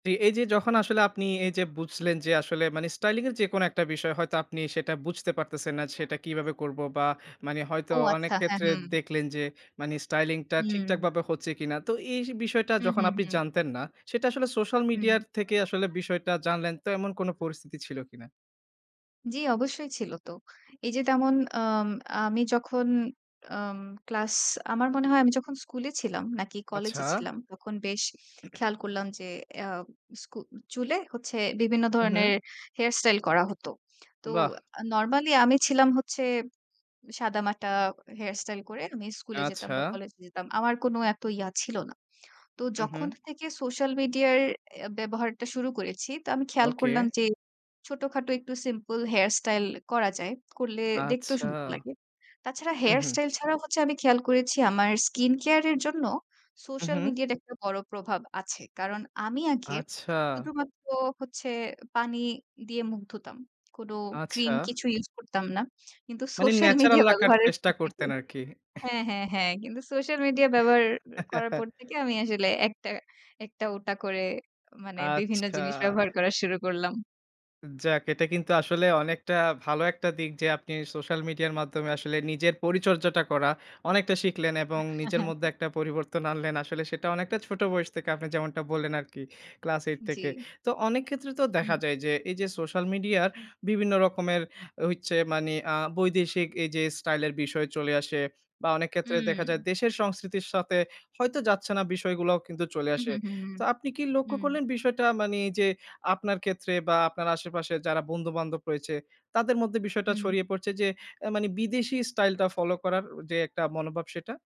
এই যে যখন আসলে আপনি এই যে বুঝলেন যে আসলে মানে স্টাইলিং এর যেকোনো একটা বিষয় হয়তো আপনি সেটা বুঝতে পারতেছেন না, সেটা কিভাবে করব। বা মানে হয়তো ও অনেক আচ্ছা, হ্যাঁ, ক্ষেত্রে হু। দেখলেন যে, মানে স্টাইলিং টা ঠিকঠাক হুম। ভাবে হচ্ছে কিনা। তো এই বিষয়টা হুম, যখন হুম, আপনি হুম। জানতেন না, সেটা আসলে সোশ্যাল হুম। মিডিয়ার থেকে আসলে বিষয়টা জানলেন, তো এমন কোনো পরিস্থিতি ছিল কিনা? জি, অবশ্যই ছিল তো। হু। এই যে তেমন অম আমি যখন আম ক্লাস আমার মনে হয়, আমি যখন স্কুলে ছিলাম নাকি আচ্ছা। কলেজে ছিলাম? তখন বেশ খেয়াল করলাম যে, এয়া স্কু চুলে হচ্ছে বিভিন্ন হু, হু। ধরনের হেয়ার স্টাইল করা হতো। তো বাহ! নরমালি আ আমি ছিলাম হচ্ছে সাদামাটা হেয়ার স্টাইল করে আমি স্কুলে যেতাম আচ্ছা। বা কলেজ যেতাম। আমার কোনো এত ইয়া ছিল না। তো হু, যখন হু। থেকে সোশ্যাল মিডিয়ার এ ব্যবহারটা শুরু করেছি তো আমি খেয়াল ওকে। করলাম যে, ছোটোখাটো একটু সিম্পল হেয়ার স্টাইল করা যায়, করলে দেখতেও আচ্ছা। সুন্দর লাগে। তাছাড়া হু, হেয়ার হু। স্টাইল ছাড়াও হচ্ছে, আমি খেয়াল করেছি আমার স্কিন কেয়ারের জন্য হু, সোশ্যাল হু। মিডিয়ার একটা বড়ো প্রভাব আছে। কারণ আমি আগে আচ্ছা। শুধুমাত্র হচ্ছে পানি দিয়ে মুখ ধুতাম, কোনো ক্রিম আচ্ছা। কিছু ইউজ করতাম না। কিন্তু মানে সোশ্যাল ন্যাচারাল মিডিয়া রাখার ব্যবহারের চেষ্টা পর থেকে করতেন আরকি। হ্যাঁ, হ্যাঁ, হ্যাঁ। কিন্তু সোশ্যাল মিডিয়া ব্যবহার অ্যা করার পর থেকে আমি আসলে একটা একটা ওটা করে মানে বিভিন্ন আচ্ছা। জিনিস ব্যবহার করা শুরু করলাম। যাক, এটা কিন্তু আসলে অনেকটা ভালো একটা দিক যে, আপনি সোশ্যাল মিডিয়ার মাধ্যমে আসলে নিজের পরিচর্যাটা করা অনেকটা শিখলেন এবং নিজের মধ্যে একটা পরিবর্তন আনলেন। আসলে সেটা অনেকটা ছোট বয়স থেকে আপনি যেমনটা বললেন আরকি ক্লাস ৮ থেকে। জ্বী। তো অনেক ক্ষেত্রে তো দেখা হুম। যায় যে, এই যে সোশ্যাল মিডিয়ার বিভিন্ন রকমের হইচ্ছে মানে আ বৈদেশিক এই যে স্টাইল এর বিষয় চলে আসে। বা অনেক ক্ষেত্রে দেখা যায় উম। দেশের সংস্কৃতির সাথে হয়তো যাচ্ছে না বিষয়গুলাও কিন্তু চলে হুম, আসে। হুম, তো হুম, আপনি কি লক্ষ্য হুম। করলেন বিষয়টা মানে যে, আপনার ক্ষেত্রে বা আপনার আশেপাশের যারা বন্ধু-বান্ধব রয়েছে, তাদের মধ্যে বিষয়টা হুম। ছড়িয়ে পড়ছে? যে এ মানে বিদেশী স্টাইলটা ফলো করার যে একটা মনোভাব সেটা?